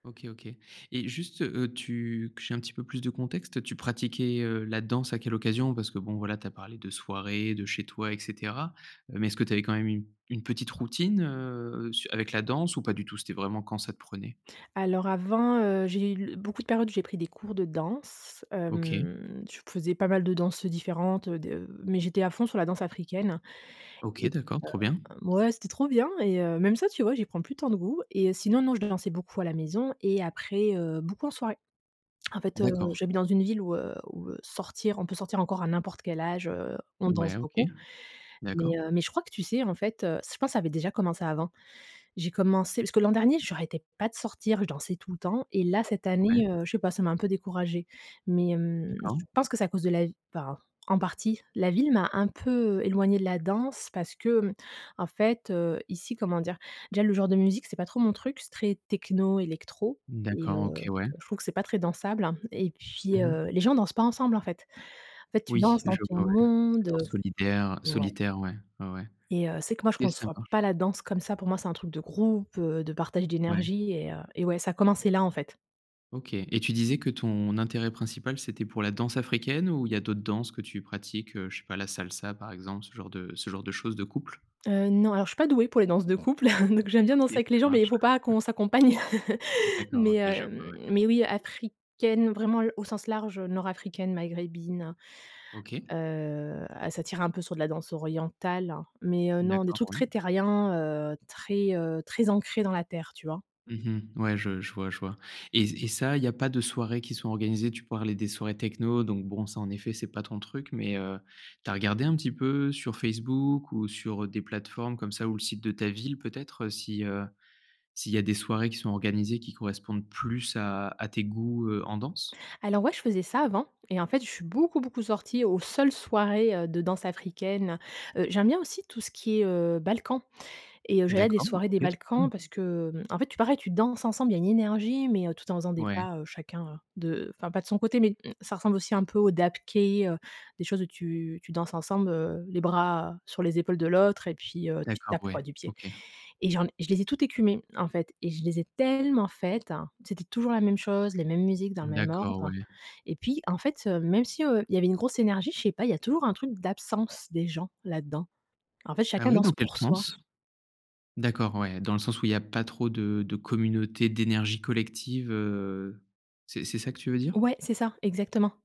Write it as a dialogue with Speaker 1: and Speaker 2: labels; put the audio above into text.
Speaker 1: OK, OK. Et juste, heu, tu que j'ai un petit peu plus de contexte, tu pratiquais, heu, la danse à quelle occasion, parce que, bon voilà, tu as parlé de soirée, de chez toi et cetera. Mais est-ce que tu avais quand même une une petite routine, heu, su avec la danse ou pas du tout, c'était vraiment quand ça te prenait?
Speaker 2: Alors avant, heu, j'ai l beaucoup de périodes où j'ai pris des cours de danse.
Speaker 1: OK.
Speaker 2: Hem, je faisais pas mal de danses, différentes, heu, de mais j'étais à fond sur la danse africaine.
Speaker 1: OK,
Speaker 2: Et
Speaker 1: d'accord, trop bien.
Speaker 2: heu ouais, c'était trop bien. Et heu, même ça, tu vois, j'y prends plus tant de goût. Et heu, sinon, non, je dansais beaucoup à la maison et après, heu, beaucoup en soirée. En fait, heu,
Speaker 1: D'accord.
Speaker 2: j'habite dans une ville où, heu où, heu, sortir on peut sortir encore à n'importe quel âge, heu. On danse
Speaker 1: Ouais, OK.
Speaker 2: beaucoup.
Speaker 1: D'accord.
Speaker 2: Mais heu, mais je crois que tu sais, en fait, heu, ç je pense ça avait déjà commencé avant. J'ai commencé parce que l'an dernier, j'arrêtais pas de sortir, je dansais tout le temps. Et là, cette
Speaker 1: Ouais.
Speaker 2: année, heu, je sais pas, ça m'a un peu découragé, mais, hem,
Speaker 1: D'accord.
Speaker 2: je pense que c'est à cause de la vi enfin, en partie, la ville m'a un peu, éloignée de la danse parce que, hem, en fait, heu, ici, comment dire déjà le genre de musique, c'est pas trop mon truc, c'est très techno, électro, et heu,
Speaker 1: D'accord, OK, ouais.
Speaker 2: je trouve que c'est pas très dansable. Et puis,
Speaker 1: Mmh mh.
Speaker 2: heu, les gens dansent pas ensemble, en fait. En fait, tu
Speaker 1: Oui,
Speaker 2: danses dans
Speaker 1: je
Speaker 2: ton
Speaker 1: vois, ouais,
Speaker 2: monde, heu.
Speaker 1: [unintelligible] solidaire
Speaker 2: Ouais.
Speaker 1: solitaire. Ouais, ouais, ouais.
Speaker 2: Et heu c'est que moi,
Speaker 1: OK,
Speaker 2: je
Speaker 1: ça
Speaker 2: conçois pas
Speaker 1: marche.
Speaker 2: la danse comme ça. Pour moi, c'est un truc de groupe, heu, de partage
Speaker 1: Ouais.
Speaker 2: d'énergie. Et, heu, et ouais, ça a commencé là, en fait.
Speaker 1: OK et tu disais que ton, intérêt principal, c'était pour la danse africaine ou il y d'autres danses que tu pratiques, heu, je sais pas la salsa par exemple, ce genre de ce genre de choses de couple?
Speaker 2: Heu, non, alors je suis pas douée pour les danses de couple. Donc j'aime bien
Speaker 1: Ok,
Speaker 2: danser avec les
Speaker 1: ça
Speaker 2: gens, mais il
Speaker 1: marche.
Speaker 2: faut pas
Speaker 1: [unintelligible]
Speaker 2: qu'on s'accompagne.
Speaker 1: D'accord, OK,
Speaker 2: Mais heu,
Speaker 1: je vois,
Speaker 2: hem,
Speaker 1: ouais.
Speaker 2: mais oui, africaine, vraiment l au sens large, heu, nord africaine, maghrébine,
Speaker 1: OK.
Speaker 2: heu, et ça tire un peu sur de la danse orientale, heu. Mais, heu, non, des
Speaker 1: D'accord,
Speaker 2: trucs
Speaker 1: oui.
Speaker 2: très terriens, heu, très, heu, très ancrés dans la terre, tu vois?
Speaker 1: Mmh mh. Ouais, je je vois je vois. Et et ça, il y a pas de soirées qui sont organisées, tu parlais des soirées techno, donc, bon, ça en effet c'est pas ton truc, mais heu, tu as regardé un petit peu sur Facebook ou sur, heu, des plateformes comme ça ou le site de ta ville peut être, heu, si heu, s'il y a des soirées qui sont organisées qui correspondent plus à à tes goûts, heu, en danse?
Speaker 2: Alors ouais, je faisais ça avant et en fait, je suis beaucoup, beaucoup sortie aux seules soirées, heu, de danse africaine. Heu, j'aime bien aussi tout ce qui est, heu, balkans, et heu, j'allais à des
Speaker 1: D'accord,
Speaker 2: soirées des
Speaker 1: OK.
Speaker 2: balkans parce
Speaker 1: [unintelligible]
Speaker 2: que, hem, en fait, pareil, tu danses ensemble, il y une énergie, mais, heu, tout en faisant des
Speaker 1: Ouais.
Speaker 2: pas, heu, chacun, heu, de enfin pas de son côté. Mais ça ressemble aussi un peu au dabkeh, heu, des choses où tu, tu danses ensemble, heu, les bras sur les épaules de l'autre, et puis, heu, tu
Speaker 1: D'accord,
Speaker 2: tapes,
Speaker 1: ouais,
Speaker 2: quoi, du pied.
Speaker 1: OK.
Speaker 2: Et j'en je les ai toutes écumées, en fait, et je les ai tellement faites, c'était toujours la même chose, les mêmes musiques dans le même
Speaker 1: D'accord,
Speaker 2: ordre.
Speaker 1: ouais.
Speaker 2: Et puis en fait, même si, heu, il y avait une grosse énergie, je sais pas, il y a toujours un truc d'absence des gens, là-dedans. En fait,
Speaker 1: Ah
Speaker 2: chacun
Speaker 1: ouais, dans
Speaker 2: danse
Speaker 1: quel
Speaker 2: pour soi.
Speaker 1: sens? D'accord, ouais, dans le sens où il y a pas trop de de communautés d'énergie collective, heu, c'est c'est ça que tu veux dire?
Speaker 2: Ouais, c'est ça, exactement.